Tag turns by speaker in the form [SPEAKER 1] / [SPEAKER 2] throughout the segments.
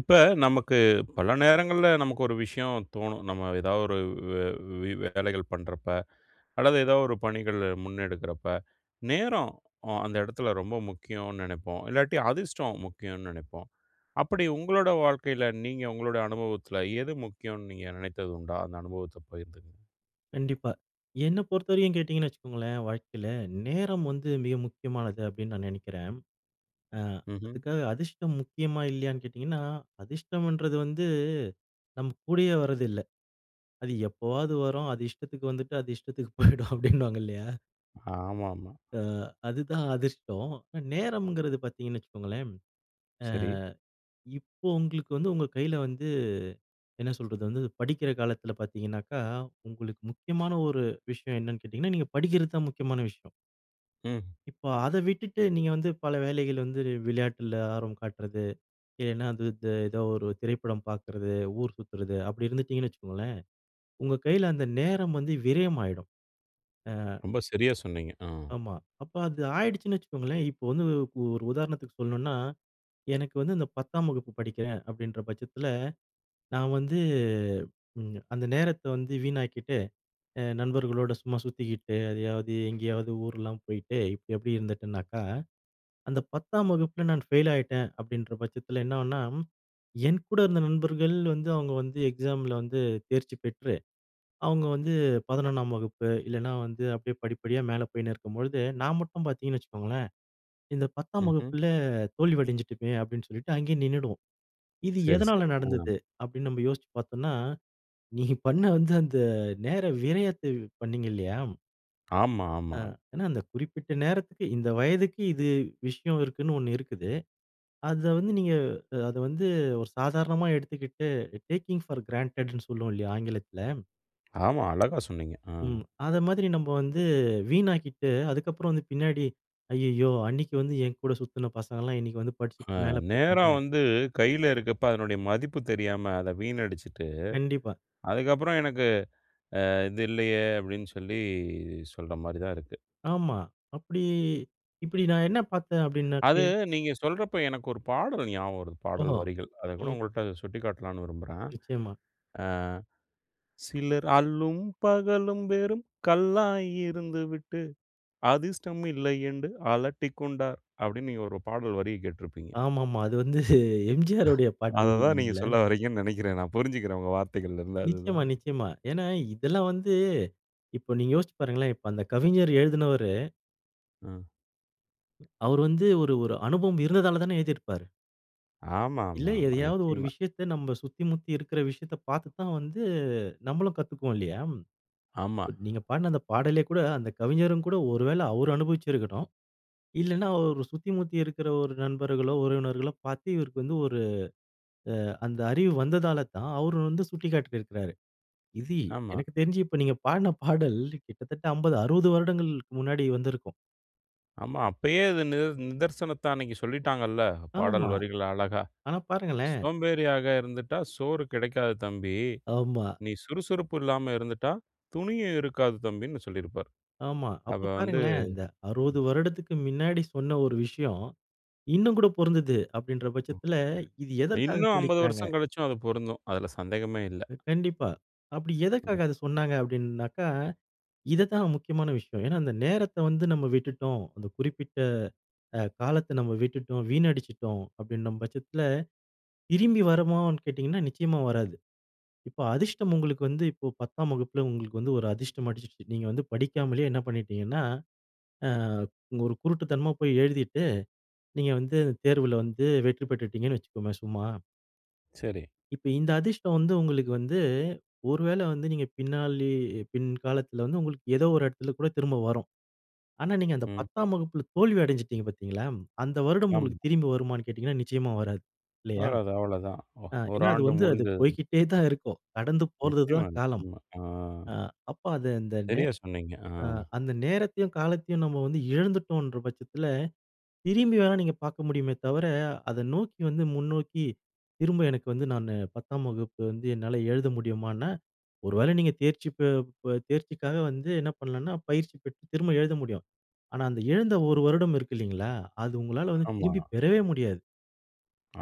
[SPEAKER 1] இப்ப, நமக்கு பல நேரங்கள்ல நமக்கு ஒரு விஷயம் தோணும். நம்ம ஏதாவொரு வ் வ வி வேலைகள் பண்றப்ப, அல்லது ஏதாவது ஒரு பணிகளை முன்னெடுக்குறப்ப, நேரம்! அ அந்த எடத்துல ரொம்ப முக்கியோன்னு நெனைப்போம். இல்லாட்டி, அதிர்ஷ்டம் முக்கியோன்னு நெனைப்போம். அப்படி உங்களோட வாழ்க்கையில, நீங்க உங்களோட அனுபவத்துல, எது முக்கியோன்னு நீங்க நெனைத்தது உண்டா? அந்த அனுபவத்த பகிர்ந்துக்கங்க.
[SPEAKER 2] கண்டிப்பா. என்ன பொறுத்தவரைக்கும், கேட்டீங்கன்னு வச்சுக்கோங்களேன். வாழ்க்கையில நேரம் வந்து மிக முக்கியமானது அப்படின்னு, நான் நெனைக்கிறேன். அ
[SPEAKER 1] ம்ஹ்ம்.
[SPEAKER 2] அதுக்காக அதிர்ஷ்டம் முக்கியமா, இல்லையான்னு கேட்டீங்கன்னா, அதிர்ஷ்டம்ன்றது வந்து நம்ம கூடயே வர்றது இல்லை. அது எப்போவாவது வரும். அது இஷ்டத்துக்கு வந்துட்டு, அது இஷ்டத்துக்கு போயிடும், அப்படின்னுவாங்க இல்லையா?
[SPEAKER 1] ஆமாமா.
[SPEAKER 2] அ அதுதான் அதிஷ்டோம். நேரம்ங்கிறது பாத்தீங்கன்னு வச்சுக்கோங்களேன்,
[SPEAKER 1] சரி.
[SPEAKER 2] அ இப்போ உங்களுக்கு வந்து, உங்க கைல வந்து, என்ன சொல்றது, வந்து படிக்கிற காலத்துல பாத்தீங்கன்னாக்கா, உங்களுக்கு முக்கியமான ஒரு விஷயம். என்னனு கேட்டீங்கன்னா? நீங்க படிக்கிறது தான் முக்கியமான விஷயம்.
[SPEAKER 1] ம்.
[SPEAKER 2] இப்போ, அதை விட்டுட்டு, நீங்க வந்து பல வேலைகள் வந்து, வி விளையாட்டுல ஆர்வம் காட்டுறது. இல்லனா, அது இது ஏதோ ஒரு திரைப்படம் பாக்குறது, ஊர் சுத்துறது. அப்படி இருந்துடீங்கன்னு வச்சுக்கோங்களேன். உங்க கையில, அந்த நேரம் வந்து விரயம் ஆயிடும். ஆ
[SPEAKER 1] ரொம்ப சரியா சொன்னீங்க. ஆ.
[SPEAKER 2] ஆமா. அப்ப, அது ஆயிடுச்சுனு வச்சுக்கோங்களேன், இப்ப வந்து ஒ ஒரு உதாரணத்துக்கு சொல்லணும்னா, எனக்கு வந்து இந்த 10தாம் வகுப்பு படிக்கிறேன், அப்படின்ற, பட்சத்துல நான் வந்து, ம், அந்த நேரத்த வந்து வீணாக்கீட்டு, அ நண்பர்களோடு சும்மா சுத்திகிட்டு, எதையாவது எங்கேயாவது ஊர்லாம் போயிட்டு, இப்படி எப்படி இருந்துட்டேனாக்கா, அந்த 10தாம் வகுப்புல நான் ஃபெயில் ஆயிட்டேன், அப்படின்ற பட்சத்துல, என்னாகும்னா? என் கூட இருந்த நண்பர்கள் வந்து, அவங்க வந்து எக்ஸாமில வந்து தேர்ச்சி பெற்று, அவுங்க வந்து 11ஆம் வகுப்பு, இல்லைனா வந்து, அப்படியே படிப்படியா மேலே போயினு இருக்கும்பொழுது, நான் மட்டும் பாத்தீங்கன்னு வச்சுக்கோங்களேன், இந்த 10தாம்
[SPEAKER 1] ம்ஹ்ம்.
[SPEAKER 2] வகுப்புல தோல்வி அடைஞ்சுகிட்டேன், அப்படின்னு சொல்லிட்டு அங்கயே நின்னுடுவோம். இது
[SPEAKER 1] சரி,
[SPEAKER 2] எதனால
[SPEAKER 1] சரி. ம்.
[SPEAKER 2] நடந்தது? அப்படினு நம்ம யோசுச்சு பாத்தோம்னா, நீ பண்ண வந்து அந்த நேர விரயத்தை வ் பண்ணீங்கில்லையா
[SPEAKER 1] ஆமா,
[SPEAKER 2] ஆ
[SPEAKER 1] ஆமா.
[SPEAKER 2] ஆனா அந்த குறிப்பிட்ட நேரத்துக்கு, இந்த வயதுக்கு இது விஷயம் இருக்குன்னு ஒண்ணு இருக்குது. அத வந்து நீங்க அ அத வந்து ஒரு சாதாரணமா எடுத்துக்கிட்டு, டேக்கிங் ஃபார் கிராண்டெட்ன்னு சொல்லுவோம் இல்லயா? ஆங்கிலத்தில.
[SPEAKER 1] ஆமா. அழகா சொன்னீங்க. ஆ.
[SPEAKER 2] ம். அத மாதிரி நம்ம வந்து வீணாக்கிட்டு அதுக்கு அப்புறம் வந்து பின்னாடி அய்யய்யோ! அன்னக்கி வந்து என் கூட சுத்தின பசங்கள்லாம் இன்னக்கி வந்து
[SPEAKER 1] ஆ,
[SPEAKER 2] படிச்சிட்டு மேலே
[SPEAKER 1] நேரம்
[SPEAKER 2] போயிட்டாங்க.
[SPEAKER 1] வந்து கையில இருக்கப்ப, அதனுடைய மதிப்பு தெரியாம அத வீணடிச்சுட்டு,
[SPEAKER 2] கண்டிப்பா.
[SPEAKER 1] அதுக்கப்புறம் எனக்கு அ இது இல்லயே! அப்பிடின்னு சொல்லி சொல்றமாரி தான் இருக்கு.
[SPEAKER 2] ஆமா. அப்படி இப்படி நான் என்ன பார்த்தேன், அப்படின்னா
[SPEAKER 1] அது
[SPEAKER 2] [unintelligible]
[SPEAKER 1] நீங்க சொல்றப்ப, எனக்கு ஒரு பாடல் ஞாபகம் வருது. பாடல்
[SPEAKER 2] ஓஹோ!
[SPEAKER 1] வரிகள். அத கூட,
[SPEAKER 2] ம்.
[SPEAKER 1] உங்கள்ட்ட சுட்டிக்காட்டலான்னு விரும்புறேன்.
[SPEAKER 2] நிச்சயமா.
[SPEAKER 1] ஆ "சிலர் அல்லும் பகலும் வெறும் கல்லாய் இருந்துவிட்டு, அதிர்ஷ்டம் இல்லையென்று அலட்டிக்கொண்டார்." அப்பிடின்னு, நீங்க ஒரு பாடல் வரிய கேட்டுருப்பீங்க.
[SPEAKER 2] ஆமாமா. அது வந்து எம்ஜிஆருடைய
[SPEAKER 1] அத
[SPEAKER 2] பாடல்.
[SPEAKER 1] தான் நீங்க
[SPEAKER 2] இல்லீங்களா?
[SPEAKER 1] சொல்ல வர்றீங்கன்னு நினைக்கிறேன். நான் புரிஞ்சிக்கிறேன் உங்க வார்த்தைகள்ல இருந்து அதுதான்
[SPEAKER 2] நிச்சயமா, நிச்சயமா. ஏன்னா, இதெல்லாம் வந்து இப்போ, நீங்க யோசிச்சுப் பாருங்களேன்! இப்ப அந்த கவிஞர் எழுதினவரு.
[SPEAKER 1] ஆ.
[SPEAKER 2] அவரு வந்து ஒரு ஒரு அனுபவம் இருந்ததாலதான எழுதிருப்பாரு. இல்ல,
[SPEAKER 1] ஆமாமா, ஆமா,
[SPEAKER 2] எதையாவது ஒரு
[SPEAKER 1] நிச்சயமா.
[SPEAKER 2] விஷயத்தை, நாம சுத்தி முத்தி இருக்கிற விஷயத்தை பார்த்து தான் வந்து நம்மளும் கத்துக்குவோம் இல்லையா.
[SPEAKER 1] ஆமா.
[SPEAKER 2] நீங்க பாடுன அந்த பாடலே கூட, அந்த கவிஞரும் கூட ஒருவேளை அவர் அனுபவிச்சிருக்கணும். இல்லன்னா ஒரு சுத்தி முத்தி இருக்கிற ஒரு நண்பர்களோ, உறவினர்களோ, பார்த்து இவருக்கு வந்து ஒரு அ அந்த அறிவு வந்ததால தான் அவர் வந்து சுட்டிக்காட்டியிருக்கிறாரு. இது
[SPEAKER 1] ஆமா.
[SPEAKER 2] எனக்கு தெரிஞ்சு இப்ப நீங்க பாடின பாடல். கிட்டத்தட்ட 50, 60 வருடங்களுக்கு முன்னாடி வந்திருக்கும்.
[SPEAKER 1] ஆமா. அப்பயே இது நித நிதர்சனத்த அன்னைக்கு சொல்லிட்டாங்கல்ல. பாடல்
[SPEAKER 2] ஆமா.
[SPEAKER 1] வரிகள் அழகா!
[SPEAKER 2] ஆனா பாருங்களேன்.
[SPEAKER 1] "சோம்பேறியாக இருந்துட்டா சோறு கிடைக்காது தம்பி.
[SPEAKER 2] ஆமா.
[SPEAKER 1] நீ சுறுசுறுப்பு இல்லாம இருந்துட்டா, துணியும் இருக்காது தம்பின்னு" சொல்லியிருப்பார்.
[SPEAKER 2] ஆமா. அப்போ
[SPEAKER 1] அப்போ வந்து
[SPEAKER 2] பாருங்களேன். இந்த 60
[SPEAKER 1] ம்.
[SPEAKER 2] வருடத்திற்கு மின்னாடி சொன்ன ஒரு விஷயம். இன்னும் கூட பொறுந்துது அப்படிங்கிற பட்சத்தில, இது எதற்க்காக
[SPEAKER 1] இன்னும் 50
[SPEAKER 2] சொல்லிர்காங்க.
[SPEAKER 1] வருஷம் கழிச்சும் அது பொருந்தும். அதில சந்தேகமே இல்ல.
[SPEAKER 2] கண்டிப்பா. அப்படி
[SPEAKER 1] ம்.
[SPEAKER 2] எதுக்காக அதை சொன்னாங்க அப்படின்னாக்கா, இதுதான் முக்கியமான விஷயம். ஏன்னா, அந்த நேரத்தை வந்து நம்ம விட்டுட்டோம். அந்த குறிப்பிட்ட அ காலத்த நம்ம விட்டுட்டோம், வீணடிச்சுட்டோம் அப்படின்ற பட்சத்தில, திரும்பி வருமான்னு கேட்டிங்கன்னா, நிச்சயமா வராது. இப்போ அதிர்ஷ்டம் உங்களுக்கு வந்து இப்போ 10ஆம் வகுப்பில உங்களுக்கு வந்து ஒரு அதிர்ஷ்டம் அடிச்சிருச்சு. நீங்க வந்து படிக்காமலே என்ன பண்ணிட்டீங்கன்னா அ ஒரு குருட்டுத்தனமா போய் எழுதிட்டு, நீங்க வந்து தேர்வில வந்து வெற்றி பெற்றுட்டீங்கன்னு வச்சுக்கோங்க. சும்மா.
[SPEAKER 1] சரி.
[SPEAKER 2] இப்ப இந்த அதிர்ஷ்டம் வந்து உங்களுக்கு வந்து, ஒரு வேள வந்து நீங்க பின் நாள்லயே பின்காலத்துல வந்து உங்களுக்கு எதோ ஒரு எடத்துல கூட திரும்ப வரும். ஆனா, நீங்க அந்த
[SPEAKER 1] ம்.
[SPEAKER 2] 10 வகுப்பில தோல்வி அடஞ்சுட்டீங்க பார்த்தீங்களா, அந்த வருடம்
[SPEAKER 1] ஆமா.
[SPEAKER 2] உங்களுக்கு திரும்பி வருமான்னு கேட்டிங்கன்னா, நிச்சயமா வராது. இல்லையா?
[SPEAKER 1] அவ்ளதான் அவ்வளதான். ஒ
[SPEAKER 2] அ
[SPEAKER 1] 1
[SPEAKER 2] ஏன்னா, அது
[SPEAKER 1] ஆண்டு
[SPEAKER 2] வந்து அது
[SPEAKER 1] முடிந்தது.
[SPEAKER 2] போய்க்கிட்டே தான் இருக்கும். கடந்து போறது
[SPEAKER 1] நிச்சயமா,
[SPEAKER 2] தான் காலம்.
[SPEAKER 1] நிச்சயமா. ஆ.
[SPEAKER 2] அ அப்ப, அத அந்த நே
[SPEAKER 1] சரியா சொன்னீங்க. ஆ.
[SPEAKER 2] அ அந்த நேரத்தையும், காலத்தயும், நம்ம வந்து இழந்துட்டோன்ற பட்சத்துல, திரும்பி வேணா நீங்க பாக்க முடியுமே தவர, அதை நோக்கி வந்து முன்னோக்கி திரும்ப, எனக்கு வந்து நானு பத்தாம் வகுப்பு வந்து என்னால எழுத முடியுமான்னா, ஒரு வேளை நீங்க தேர்ச்சி ப ப தேர்ச்சிக்காக வந்து என்ன பண்ணலான்னா, பயிற்சி பெற்று திரும்ப எழுத முடியும். ஆனா, அந்த இழந்த 1 வருடம் இருக்கு இல்லைங்களா, அது உங்களால வந்து
[SPEAKER 1] ஆமா.
[SPEAKER 2] திரும்பி பெறவே முடியாது.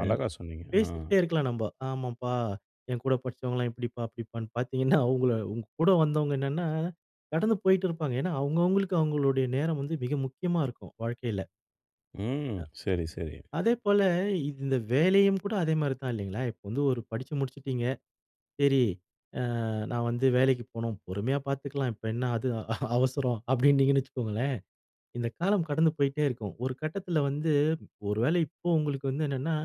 [SPEAKER 1] அழகா சொன்னீங்க.
[SPEAKER 2] அ
[SPEAKER 1] அ.
[SPEAKER 2] பேசிக்கிட்டே இருக்கலாம் நம்ப. ஆமாம்ப்பா, என் கூட படிச்சவங்கள்லாம் இப்படிப்பா, அப்படிப்பான்னு பாத்தீங்கன்னா அவுங்கள உங்க கூட வந்தவங்க என்னான்னா, கடந்து போய்ட்டுருப்பாங்க. ஏன்னா, அவுங்கவுங்களுக்கு அவுங்களுடைய நேரம் வந்து மிக முக்கியமா இருக்கும். வாழ்க்கைல.
[SPEAKER 1] ம்.
[SPEAKER 2] அ.
[SPEAKER 1] சரி, சரி.
[SPEAKER 2] அதேபோல, இந்த வேலையும் கூட அதே மாரி தான். இல்லைங்களா, இப்ப வந்து ஒரு படிச்சு முடிச்சிட்டீங்க. சரி, அ நான் வந்து வேலைக்கு போணும். பொறுமையா பாத்துக்கலாம். இப்ப என்ன அது அவசரம், அப்டின்னீங்கன்னு வச்சுக்கோங்களேன், இந்த காலம் கடந்து போயிட்டே இருக்கும். ஒரு கட்டத்துல வந்து ஒரு வேள இப்போ உங்களுக்கு வந்து என்னன்னா,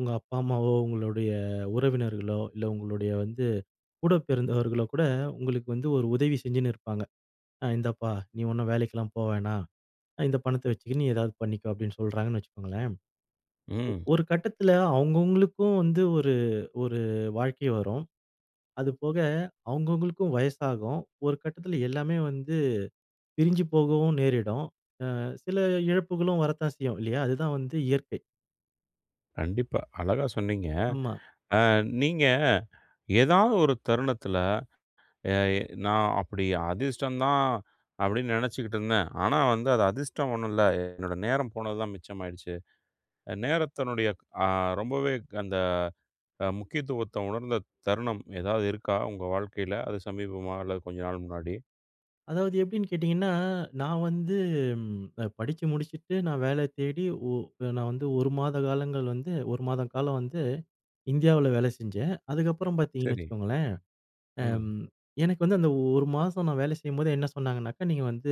[SPEAKER 2] உங்க அப்பா அம்மாவோ, உங்களுடைய உறவினர்களோ, இல்ல உங்களுடைய வந்து கூட பிறந்தவர்களோ கூட, உங்களுக்கு வந்து ஒரு உதவி செஞ்சுன்னு இருப்பாங்க. அ இந்தாப்பா நீ ஒன்னும் வேலைக்கெல்லாம் போ வேணாம், இந்த பணத்த வச்சிக்குனு நீ ஏதாவது பண்ணிக்கோ, அப்டின்னு சொல்றாங்கன்னு வச்சுக்கோங்களேன். ஒ
[SPEAKER 1] ம்.
[SPEAKER 2] ஒரு கட்டத்துல அவுங்கவுங்களுக்கும் வந்து ஒரு ஒரு வாழ்க்கை வரும். அது போக அவுங்கவுங்களுக்கும் வயசாகும். ஒரு கட்டத்துல எல்லாமே வந்து பிரிஞ்சு போகவும் நேரிடும். அ சில இழப்புகளும் வரத்தான் செய்யும் இல்லையா? அதுதான் வந்து இயற்கை.
[SPEAKER 1] கண்டிப்பா. அழகா சொன்னீங்க.
[SPEAKER 2] ஆமா.
[SPEAKER 1] அ நீங்க ஏதாவது ஒரு தருணத்துல அ எ நான் அப்டி அதிர்ஷ்டம் தான் அப்டின்னு நினைச்சிக்கிட்டுருந்தேன். ஆனா வந்து அது அதிர்ஷ்டம் ஒண்ணும் இல்ல. என்னோட நேரம் போனதுதான் மிச்சமாயிடுச்சு. அ நேரத்தினுடைய க் ஆ ரொம்பவே அந்த முக்கியத்துவத்த உணர்ந்த தருணம் ஏதாவது இருக்கா, உங்கள் வாழ்க்கையில? அது சமீபமா, அல்லது கொஞ்ச நாள் முன்னாடி?
[SPEAKER 2] அதாவது எப்டின்னு கேட்டிங்கன்னா, அ நான் வந்து ம் அ படிச்சு முடிச்சுட்டு நான் வேல தேடி. ஓ நான் வந்து 1 மாத காலங்கள் வந்து 1 மாத காலம் வந்து இந்தியாவுல வேல செஞ்சேன். அதுக்கப்புறம் பார்த்தீங்கன்னு
[SPEAKER 1] சரி.
[SPEAKER 2] வச்சுக்கோங்களேன்,
[SPEAKER 1] ம்.
[SPEAKER 2] அம். எனக்கு வந்து அந்த 1 மாசம் நான் வேலை செய்யும்போது என்ன சொன்னாங்கனாக்கா, நீங்க வந்து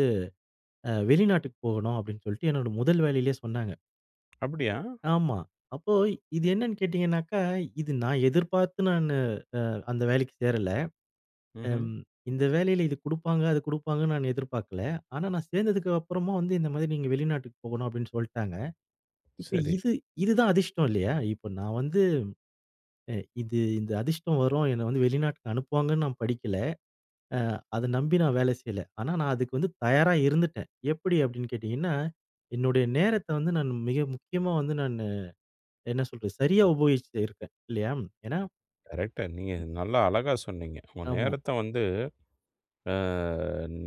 [SPEAKER 2] வெளிநாட்டுக்கு அ போகணும் அப்டின்னு சொல்ட்டு என்னோட முதல் வேலையிலலேயே சொன்னாங்க.
[SPEAKER 1] அப்டியா?
[SPEAKER 2] ஆமா. அப்போ இது என்னன்னு கேட்டிங்கனாக்கா, இது நான் எதிர்பார்த்து நான் அ அந்த வேலைக்கு சேரல.
[SPEAKER 1] ம்ஹ்ம்.
[SPEAKER 2] அம் இந்த வேலையில இது குடுப்பாங்க அது கொடுப்பாங்கன்னு நான் எதிர்பார்க்கல. ஆனா நான் சேர்ந்ததுக்கு அப்புறமும் வந்து இந்த மாரி நீங்க வெளிநாட்டுக்கு போகணும், அப்டின்னு சொல்ட்டாங்க. இப்ப
[SPEAKER 1] சரி.
[SPEAKER 2] இது இதுதான் அதிர்ஷ்டம் இல்லையா. இப்ப நான் வந்து அ இது இந்த அதிர்ஷ்டம் வரும், என்ன வந்து வெளிநாட்டுக்கு அனுப்புவாங்கன்னு நான் படிக்கல. அ அத நம்பி நான் வேலை செய்யல. ஆனா நான் அதுக்கு வந்து தயாரா இருந்துட்டடேன். எப்டி அப்டின்னு கேட்டீங்கன்னா, என்னுடைய நேரத்த வந்து நான் மிக முக்கியமா வந்து நானு என்ன சொல்றது சரியா உபயோகிச்சுட்டு இருக்கேன். இல்லையா. ஏனா
[SPEAKER 1] கரெக்ட்டா, நீங்க நல்லா, அழகா சொன்னீங்க. உங்க
[SPEAKER 2] ஆமா.
[SPEAKER 1] நேரத்த வந்து, ஆ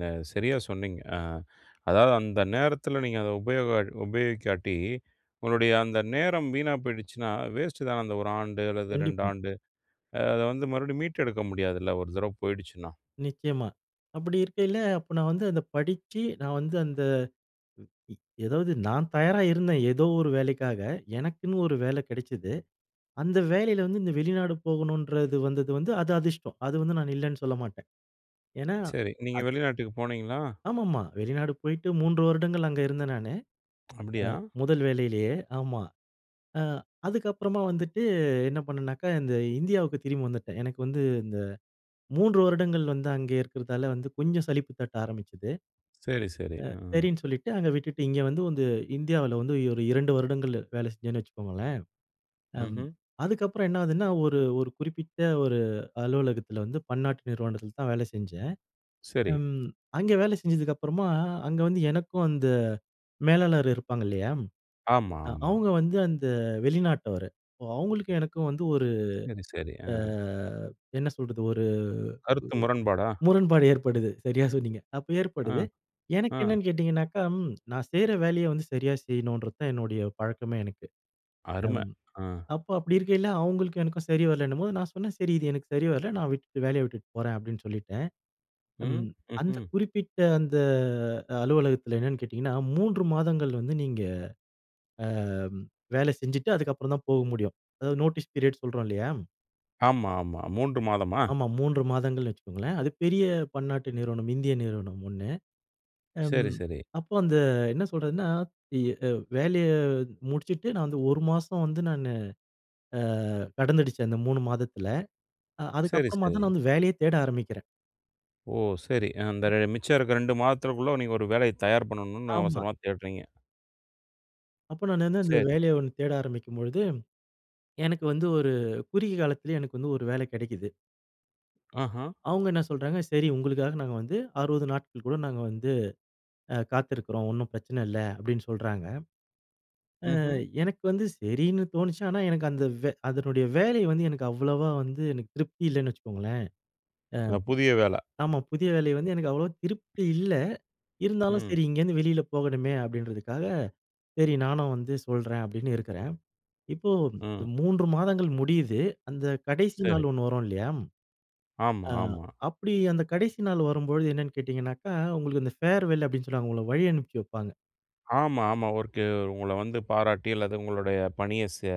[SPEAKER 1] நே சரியா சொன்னீங்க. அ அதாவது, அந்த நேரத்துல நீங்க அத உபயோக உபயோகிக்காட்டி, உங்களுடைய அந்த நேரம் வீணா போயிடுச்சுன்னா, வேஸ்ட்டு தான அந்த 1 ஆண்டு அல்லது 2
[SPEAKER 2] கண்டிப்பா.
[SPEAKER 1] ஆண்டு. அ அத வந்து மறுபடியும் மீட்டெடுக்க முடியாதுல்ல. 1 தடவ போயிடுச்சுன்னா.
[SPEAKER 2] நிச்சயமா. அப்படி இருக்கைல, அப்ப நான் வந்து அத படிச்சு நான் வந்து, அந்த இ எதாவது நான் தயாரா இருந்தேன். எதோ ஒரு வேலைக்காக. எனக்குன்னு ஒரு வேல கெடச்சது. அந்த வேலைல வந்து, இந்த வெளிநாடு போகணுன்றது வந்தது வந்து, அது அதிர்ஷ்டம். அது வந்து, நான் இல்லனு சொல்லமாட்டேன். ஏனா,
[SPEAKER 1] சரி, நீங்க
[SPEAKER 2] அத்
[SPEAKER 1] வெளிநாட்டுக்கு போனீங்களா?
[SPEAKER 2] ஆமாமா. வெளிநாடு போய்ட்டு 3 வருடங்கள் அங்க இருந்தேன் நானு.
[SPEAKER 1] அப்டியா?
[SPEAKER 2] அ முதல் வேலைலயே ஆமா. அ அதுக்கு அப்றோமா வந்துட்டு என்ன பண்ணன்னாக்க, இந்த இந்தியாவுக்கு திரும்பி வந்துட்டேன். எனக்கு வந்து, இந்த 3 வருடங்கள் வந்து அங்கே இருக்குறதால வந்து, கொஞ்சம் சலிப்பு தட்ட ஆரம்பிச்சது.
[SPEAKER 1] சரி, சரி,
[SPEAKER 2] அ
[SPEAKER 1] ஆ.
[SPEAKER 2] சரின்னு சொல்லிட்டு, அங்க விட்டுட்டு இங்க வந்து வந்து இந்தியாவுல வந்து, ஒரு 2 வருடங்கள் வேலை செஞ்சேன்னு வச்சுக்கோங்களேன். அங்
[SPEAKER 1] ம்ஹ்ம்.
[SPEAKER 2] அதுக்கப்புறம் என்ன ஆகுதுன்னா, ஒரு ஒரு குறிப்பிட்ட ஒரு அலுவலகத்துல வந்து, பன்னாட்டு நிறுவனத்துல தான் வேல செஞ்சேன்.
[SPEAKER 1] சரி.
[SPEAKER 2] ம், அங்க வேல செஞ்சதுக்கு அப்றமா, அங்க வந்து எனக்கு அந்த மேலாளர் இருப்பாங்க, இல்லையா?
[SPEAKER 1] ஆமா,
[SPEAKER 2] அ
[SPEAKER 1] ஆமா.
[SPEAKER 2] அவங்க வந்து, அந்த வெளிநாட்டவரு. அப்போ, அவங்களுக்கும், எனக்கும் வந்து ஒரு
[SPEAKER 1] சரி, சரி,
[SPEAKER 2] ஆ
[SPEAKER 1] ஆ.
[SPEAKER 2] என்ன சொல்றது, ஒரு ஒஒ
[SPEAKER 1] கருத்து முரண்பாடா?
[SPEAKER 2] முரண்பாடு ஏற்படுது, சரியா சொன்னீங்க. அப்ப ஏற்படுது.
[SPEAKER 1] அ,
[SPEAKER 2] எனக்கு
[SPEAKER 1] அ.
[SPEAKER 2] என்னனு கேட்டீங்கனாக்கா, நான் செய்ற வேலைய வந்து, சரியா செய்ணுன்றது தான் என்னுடைய பழக்கமே எனக்கு.
[SPEAKER 1] அரும,
[SPEAKER 2] அம்,
[SPEAKER 1] அ.
[SPEAKER 2] அப்போ அப்படி இருக்கையில, அவங்களுக்கும் எனக்கும் சரி வரலன்னும்போது நான் சொன்னே, "சரி இது எனக்கு சரி வரல, நான் விட்டுட்டு வேலைய விட்டுட்டு போறேன்" அப்டின்னு சொல்லிட்டேன்.
[SPEAKER 1] ம்,
[SPEAKER 2] ம் அந்த
[SPEAKER 1] ம்ஹ்ம்.
[SPEAKER 2] குறிப்பிட்ட அந்த அலுவலகத்துல என்னன்னு கேட்டீங்கனா, 3 மாதங்கள் வந்து, நீங்க அ வேல செஞ்சுட்டு, அதுக்கப்பறம் தான் போக முடியும். அதாவது நோட்டீஸ் பீரியட் சொல்றோம் இல்லையா?
[SPEAKER 1] ஆமாமா, 3 மாதமா?
[SPEAKER 2] ஆமா. 3 மாதங்கள்னு வச்சுக்கோங்களேன். அது பெரிய பன்னாட்டு நிறுவனம். இந்திய நிறுவனம் ஒண்ணு. அம்
[SPEAKER 1] சரி, சரி.
[SPEAKER 2] அப்போ அந்த என்ன சொல்றதுனா, எ அ வேலைய முடிச்சுட்டு நான் வந்து 1 மாசம் வந்து நானு அ கடந்துடுச்சு, அந்த 3 மாதத்துல. அ
[SPEAKER 1] சரி, சரி.
[SPEAKER 2] அதுக்கப்பறமாதான் நான் வந்து வேலையே தேட ஆரம்பிக்கிறேன்.
[SPEAKER 1] ஓ, சரி. அ அந்த மிச்ச இருக்ற 2 மாதத்துகுள்ள நீ ஒரு வேலய தயார் பண்ணணும்னு
[SPEAKER 2] ஆமா.
[SPEAKER 1] அவசரமா தேடுறீங்க.
[SPEAKER 2] அப்போ நான் வந்து அந்த
[SPEAKER 1] சரி.
[SPEAKER 2] வேலைய ஒன் தேட ஆரம்பிக்கும் பொழுது, எனக்கு வந்து ஒரு குறுகிய காலத்திலயே எனக்கு வந்து ஒரு வேல கெடைக்குது.
[SPEAKER 1] ஆஹா!
[SPEAKER 2] அவுங்க என்ன சொல்றாங்க, சரி உங்களுக்காக நாங்க வந்து 60 நாட்கள் கூட நாங்க வந்து அ காத்துருக்றோம். ஒண்ணு பிரச்சன இல்ல அப்டின்னு சொல்றாங்க. அ
[SPEAKER 1] ம்ஹ்ம்.
[SPEAKER 2] எனக்கு வந்து சரின்னு தோணுச்சு, ஆனா எனக்கு அந்த வே அதனுடைய வேலை வந்து எனக்கு அவ்வளவா வந்து எனக்கு திருப்தி இல்லன்னு வச்சுக்கோங்களேன். அ,
[SPEAKER 1] அ புதிய வேல.
[SPEAKER 2] ஆமா. புதிய வேலை வந்து எனக்கு அவ்ளவா திருப்தி இல்ல. இருந்தாலும்
[SPEAKER 1] ம்.
[SPEAKER 2] சரி இங்கேருந்து வெளில போகணுமே அப்டின்றதுக்காக, சரி நானும் வந்து சொல்றேன் அப்டின்னு இருக்கறேன். இப்போ இந்த
[SPEAKER 1] ம்.
[SPEAKER 2] 3 மாதங்கள் முடியுது, அந்த கடைசி நாள்
[SPEAKER 1] சரி.
[SPEAKER 2] ஒண்ணு வரும் இல்லையா?
[SPEAKER 1] ஆமா,
[SPEAKER 2] ஆ,
[SPEAKER 1] ஆமா.
[SPEAKER 2] அப்டி அந்த கடைசி நாள் வரும்பொழுது என்னன்னு கேட்டீங்கனாக்கா, உங்களுக்கு அந்த ஃபேர்வெல் அப்டின் சொல்லுவாங்க உங்கள வழி அனுப்பிவைப்பாங்க.
[SPEAKER 1] ஆமா, ஆமா. [unintelligible] உங்கள வந்து பாராட்டி அல்லது உங்களுடைய பணியை செ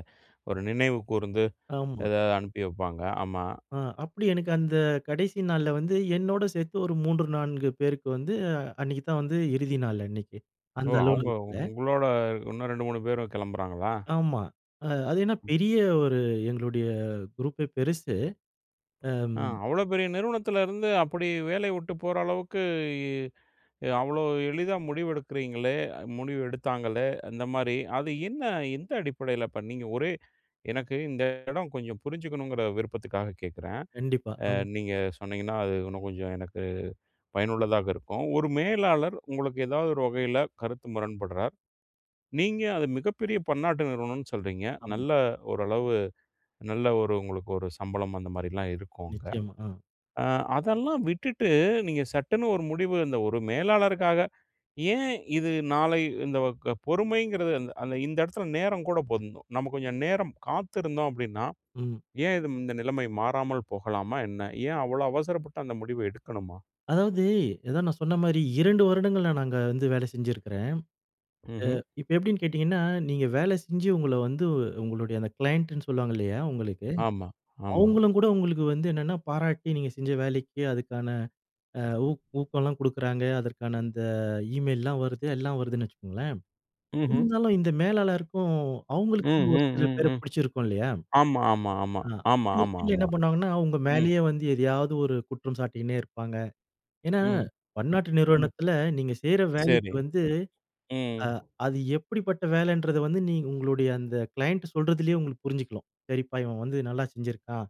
[SPEAKER 1] ஒரு நினைவு கூர்ந்து
[SPEAKER 2] ஆமா.
[SPEAKER 1] ஏதாவது அனுப்பி வைப்பாங்க. ஆமா.
[SPEAKER 2] ஆ. அப்படி எனக்கு அந்த கடைசி நாள்ல வந்து என்னோடு சேர்த்து ஒரு 3, 4 பேருக்கு வந்து அன்னக்கி தான் வந்து இறுதி நாள் அன்னைக்கு.
[SPEAKER 1] ஓ!
[SPEAKER 2] அந்த
[SPEAKER 1] அவங்க
[SPEAKER 2] அலுவலகத்தில.
[SPEAKER 1] உங்களோட இன்னும் 2, 3 பேரும் கிளம்புறாங்களா?
[SPEAKER 2] ஆமா. அ அது என்ன
[SPEAKER 1] ம்.
[SPEAKER 2] பெரிய ஒரு எங்களுடைய குரூப்பே பெருசு. அம்
[SPEAKER 1] ஆ. அவ்வளோ பெரிய நிறுவனத்தில இருந்து அப்படி வேலை விட்டு போற அளவுக்கு அவ்வளோ எளிதா முடிவெடுக்குறீங்களே முடிவு எடுத்தாங்களே அந்த மாதிரி அது என்ன எந்த அடிப்படையில பண்ணீங்க? ஒரே எனக்கு இந்த இடோ கொஞ்சம் புரிஞ்சிக்கணுங்கிற விருப்பத்துக்காக கேட்குறேன்.
[SPEAKER 2] கண்டிப்பா.
[SPEAKER 1] அ
[SPEAKER 2] ஆ.
[SPEAKER 1] நீங்க சொன்னீங்கன்னா, அது இன்னும் கொஞ்சம் எனக்கு பயனுள்ளதாக இருக்கும். ஒரு மேலாளர் உங்களுக்கு ஏதாவது ஒரு வகையில கருத்து முரண்பட்றார். நீங்க அது மிகப்பெரிய பன்னாட்டு நிறுவனம்னு சொல்றீங்க.
[SPEAKER 2] ஆமா.
[SPEAKER 1] நல்ல ஓரளவு நல்ல ஒரு உங்களுக்கு ஒரு சம்பளம் அந்த மாதிரிலாம் இருக்கும் அங்க.
[SPEAKER 2] நிச்சயமா. ஆ.
[SPEAKER 1] அ அதெல்லாம் விட்டுட்டு, நீங்க சட்டுன்னு ஒரு முடிவு இந்த ஒரு மேலாளருக்காக ஏன் இது நாளை இந்த வ க பொறுமைங்கிறது அந்த அந்த இந்த இடத்தில நேரம் கூட போருந்தும். நம்ம கொஞ்ச நேரம் காத்திருந்தோம் அப்படின்னா,
[SPEAKER 2] ம்.
[SPEAKER 1] ஏன் இது இந்த நிலைமை மாறாமல் போகலாமா என்ன? ஏன் அவ்வளோ அவசரப்பட்டு அந்த முடிவை எடுக்கணுமா?
[SPEAKER 2] அதாவது, அதான் நான் சொன்ன மாரி 2 வருடங்கள் நானு அங்க வந்து வேலை செஞ்சுருக்கிறேன். அ
[SPEAKER 1] ம்ஹ்ம்.
[SPEAKER 2] இப்ப எப்படின்னு கேட்டிங்கன்னா, நீங்க வேலை செஞ்சு உங்கள வந்து உங்களுடைய அந்த க்ளையண்ட்ன்னு சொல்லுவாங்க இல்லையா? உங்களுக்கு
[SPEAKER 1] ஆமா, ஆமா.
[SPEAKER 2] அவங்களும்கூட உங்களுக்கு வந்து என்னென்னா பாராட்டி, நீங்க செஞ்ச வேலைக்கு அதுக்கான அ உ ஊக்கம்லாம் குடுக்குறாங்க. அதற்கான அந்த ஈமெயில்லலாம் வருது எல்லாம் வருதுன்னு வச்சுக்கோங்களேன்.
[SPEAKER 1] ம்ஹ்ம்.
[SPEAKER 2] இருந்தாலும் இந்த மேலாளருக்கும்
[SPEAKER 1] ம்,
[SPEAKER 2] அவங்களுக்கு ஒரு
[SPEAKER 1] ம்,
[SPEAKER 2] சில
[SPEAKER 1] ம்,
[SPEAKER 2] பேர
[SPEAKER 1] ம்.
[SPEAKER 2] பிடிச்சிருக்கும் இல்லையா?
[SPEAKER 1] ஆமா, ஆமா, ஆமா,
[SPEAKER 2] ஆ
[SPEAKER 1] ஆமா,
[SPEAKER 2] அப்பிடி
[SPEAKER 1] ஆமா,
[SPEAKER 2] இருக்கையில என்ன
[SPEAKER 1] ஆமா.
[SPEAKER 2] பண்ணுவாங்கன்னா, உங்க
[SPEAKER 1] ம்
[SPEAKER 2] மேலேயே வந்து எதையாவது ஒரு குற்றம் சாட்டினே இருப்பாங்க. ஏன்னா,
[SPEAKER 1] ம்,
[SPEAKER 2] பன்னாட்டு
[SPEAKER 1] ம்.
[SPEAKER 2] நிறுவனத்தில, நீங்க செய்ற வேலைக்கு
[SPEAKER 1] சரி.
[SPEAKER 2] வந்து, அ
[SPEAKER 1] ம்.
[SPEAKER 2] அது எப்படிப்பட்ட வேலைன்றத வந்து நீங்க உங்களுடைய அந்த க்ளையண்ட் சொல்றதுலேயே உங்களுக்கு புரிஞ்சுக்கலாம். சரிப்பா இவன் வந்து நல்லா செஞ்சிருக்கான்.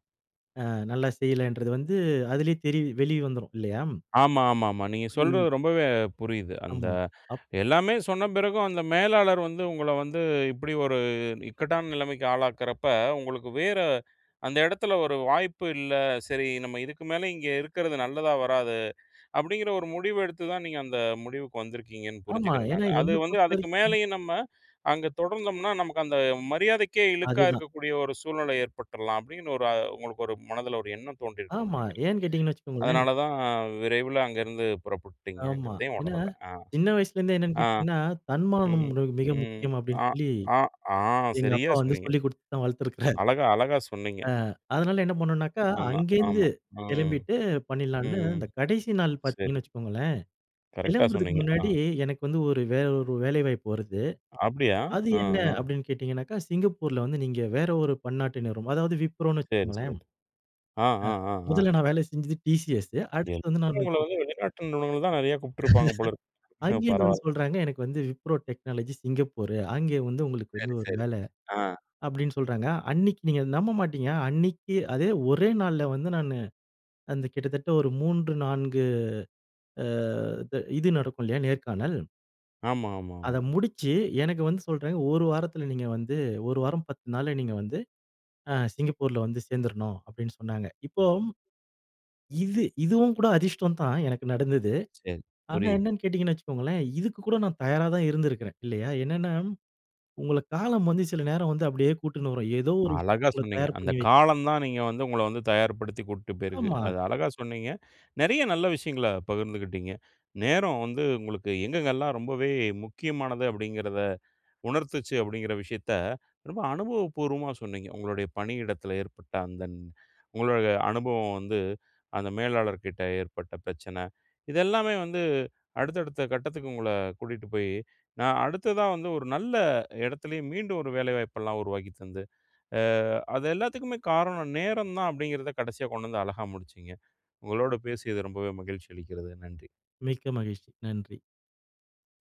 [SPEAKER 2] அ நல்லா செய்யலன்றது வந்து அதிலேயே தெரிய வெளியே வந்துடும் இல்லையா ம்.
[SPEAKER 1] ஆமா, ஆமா, ஆமா. நீங்க சொல்றது
[SPEAKER 2] ம்.
[SPEAKER 1] ரொம்பவே புரியுது. அந்த
[SPEAKER 2] ஆமா. அப்
[SPEAKER 1] எல்லாமே சொன்ன பிறகும் அந்த மேலாளர் வந்து உங்கள வந்து இப்படி ஒரு இக்கட்டான நிலைமைக்கு ஆளாக்கிறப்ப, உங்களுக்கு வேற அந்த இடத்தில ஒரு வாய்ப்பு இல்ல. சரி நம்ம இதுக்கு மேலே இங்கே இருக்கிறது நல்லதா வராது. அப்படிங்கிற ஒரு முடிவு எடுத்து தான் நீங்க அந்த முடிவுக்கு வந்திருக்கீங்கன்னு
[SPEAKER 2] ஆமா.
[SPEAKER 1] புரிஞ்சிக்கிறேன்
[SPEAKER 2] ஏன்னா,
[SPEAKER 1] நானு. அது
[SPEAKER 2] என்ன
[SPEAKER 1] வந்து, அதுக்கு
[SPEAKER 2] பொறுத்தவரைக்கும்.
[SPEAKER 1] மேலேயும் நம்ம அங்கே தொடர்ந்தோம்னா, நமக்கு அந்த மரியாதைக்கே இழுக்கா
[SPEAKER 2] அதுதான்.
[SPEAKER 1] இருக்கக்கூடிய ஒரு சூழ்நிலை ஏற்பட்டுரலாம். அப்படிங்கிற ஒரு உங்களுக்கு ஒரு மனதில ஒரு எண்ணம் தோன்றியிருக்கும்னு
[SPEAKER 2] ஆமா.
[SPEAKER 1] நினைக்கிறேன்.
[SPEAKER 2] ஏன் கேட்டீங்கன்னு வச்சுக்கோங்களேன்.
[SPEAKER 1] அதனால தான்
[SPEAKER 2] [unintelligible]
[SPEAKER 1] விரைவில அங்கிருந்து புறப்பட்டுட்டீங்க
[SPEAKER 2] ஆமா.
[SPEAKER 1] என்கிறதையும்
[SPEAKER 2] ஏன்னா,
[SPEAKER 1] உணரல. ஆ.
[SPEAKER 2] சின்னவயசுலேந்தே என்னனு கேட்டீங்கனா, தன்மானம்
[SPEAKER 1] ம்,
[SPEAKER 2] மி மிக
[SPEAKER 1] ம்.
[SPEAKER 2] முக்கியம் அப்டின்னு
[SPEAKER 1] ஆ,
[SPEAKER 2] சொல்லி,
[SPEAKER 1] ஆ, ஆ
[SPEAKER 2] எங்க
[SPEAKER 1] சரியா
[SPEAKER 2] அப்பா வந்து
[SPEAKER 1] சொன்னீங்க.
[SPEAKER 2] சொல்லி கொடுத்து தான் வளர்த்திருக்கிறாரு.
[SPEAKER 1] அழகா, அழகா சொன்னீங்க.
[SPEAKER 2] அ. அதனால என்ன பண்ணுனாக்கா
[SPEAKER 1] ஆமா,
[SPEAKER 2] அங்கேந்து
[SPEAKER 1] ஆமா. ம்,
[SPEAKER 2] கெளம்பிட்டு பண்ணிடலாம்ன்னு,
[SPEAKER 1] ம்.
[SPEAKER 2] இந்த கடைசிநாள்
[SPEAKER 1] சரி.
[SPEAKER 2] பார்த்தீங்கன்னு வச்சுக்கோங்களேன்.
[SPEAKER 1] கரெக்ட்‌டா
[SPEAKER 2] கிளம்புறதுக்கு
[SPEAKER 1] சொன்னீங்க.
[SPEAKER 2] முன்னாடி,
[SPEAKER 1] ஆ.
[SPEAKER 2] எனக்கு வந்து ஒரு வேற ஒரு வேலைவாய்ப்பு வருது.
[SPEAKER 1] அப்படியா?
[SPEAKER 2] "அது
[SPEAKER 1] ஆ.
[SPEAKER 2] என்ன?"
[SPEAKER 1] ஆ.
[SPEAKER 2] அப்படின்னு கேட்டிங்கனாக்கா, சிங்கப்பூர்ல வந்து நீங்க வேற ஒரு பன்னாட்டு நிறுவனம். அதாவது விப்ரோன்னு
[SPEAKER 1] சரி,
[SPEAKER 2] வச்சுக்கோங்களேன். ஆ.
[SPEAKER 1] சரி. ஆ, ஆ, ஆ, ஆ.
[SPEAKER 2] முதல்ல நான் வேலை செஞ்சது டிசிஸ்சு.
[SPEAKER 1] எல்லாம்
[SPEAKER 2] அடுத்து வந்து நானு
[SPEAKER 1] உங்களை
[SPEAKER 2] [unintelligible]
[SPEAKER 1] வந்து வெளிநாட்டு நிறுவனம் தான் நெறைய கூப்பிட்டுருப்பாங்க போல இருக்கு.
[SPEAKER 2] அங்கேந்து வந்து
[SPEAKER 1] பரவாயில்ல.
[SPEAKER 2] சொல்றாங்க. எனக்கு வந்து wipro technology சிங்கப்பூரு அங்க வந்து உங்களுக்கு வந்து
[SPEAKER 1] சரி,
[SPEAKER 2] ஒரு
[SPEAKER 1] சரி.
[SPEAKER 2] வேலை
[SPEAKER 1] ஆ.
[SPEAKER 2] அப்படினு சொல்றாங்க. அன்னைக்கி நீங்க நம்ப மாட்டீங்க? அன்னைக்கி அதே ஒரே நாள்ல வந்து நானு அந்த கிட்டத்தட்ட 3, 4 அ து இது நடக்கும் இல்லையா? நேர்காணல்.
[SPEAKER 1] ஆமா, ஆமா,
[SPEAKER 2] அத
[SPEAKER 1] ஆமா.
[SPEAKER 2] முடிச்சு எனக்கு வந்து சொல்றாங்க.ஒரு வாரத்தில நீங்க வந்து 1 வாரம் 10 நாள்ல நீங்க வந்து ஆ சிங்கப்பூர்‌ல வந்து சேர்ந்துரனும் அப்படின்னு சொன்னாங்க. இப்போ, இது இதுவும் கூட அதிர்ஷ்டம் தான்.எனக்கு நடந்தது.
[SPEAKER 1] சரி.
[SPEAKER 2] ஆனா,
[SPEAKER 1] புரியுது.
[SPEAKER 2] என்னன்னு கேட்டீங்கன்னு வச்சுக்கோங்களேன், இதுக்கு கூட நான் தயாரா தான் இருந்திருக்கிறேன் இல்லையா? என்னனா, உங்கள காலம் வந்து சில நேரம் வந்து அப்படியே கூட்டினு வரும். ஏதோ ஒரு விஷயத்த
[SPEAKER 1] அழகா
[SPEAKER 2] உங்கள
[SPEAKER 1] சொன்னீங்க.
[SPEAKER 2] தயார்
[SPEAKER 1] அந்த
[SPEAKER 2] பண்ணிவை
[SPEAKER 1] காலம் தான் நீங்க வந்து உங்களை வந்து தயார்படுத்தி கூட்டிட்டு போயிருக்கு.
[SPEAKER 2] ஆமா.
[SPEAKER 1] அது அழகாக சொன்னீங்க. நிறைய நல்ல விஷயங்களை பகிர்ந்துகிட்டிங்க. நேரம் வந்து உங்களுக்கு எங்கெங்கெல்லாம் ரொம்பவே முக்கியமானது? அப்படிங்கிறதை உணர்த்திச்சு அப்படிங்கிற விஷயத்தை ரொம்ப அனுபவப்பூர்வமா சொன்னீங்க. உங்களுடைய பணியிடத்தில ஏற்பட்ட அந்த உங்களோட அனுபவம் வந்து அந்த மேலாளர் கிட்ட ஏற்பட்ட பிரச்சனை, இதெல்லமே வந்து அடுத்த அடுத்த கட்டத்துக்கு உங்கள கூட்டிகிட்டு போய் நான் அடுத்ததா வந்து ஒரு நல்ல இடத்துலேயே மீண்டும் ஒரு வேலைவாய்ப்புலாம் உருவாக்கித் தந்து, ஆ அது எல்லாத்துக்குமே காரணம் நேரம் தான் அப்படிங்கறத கடைசியா கொண்டு வந்து அழகா முடிச்சீங்க. உங்களோடு பேசியது ரொம்பவே மகிழ்ச்சி அளிக்கிறது. நன்றி.
[SPEAKER 2] மிக்க மகிழ்ச்சி. நன்றி.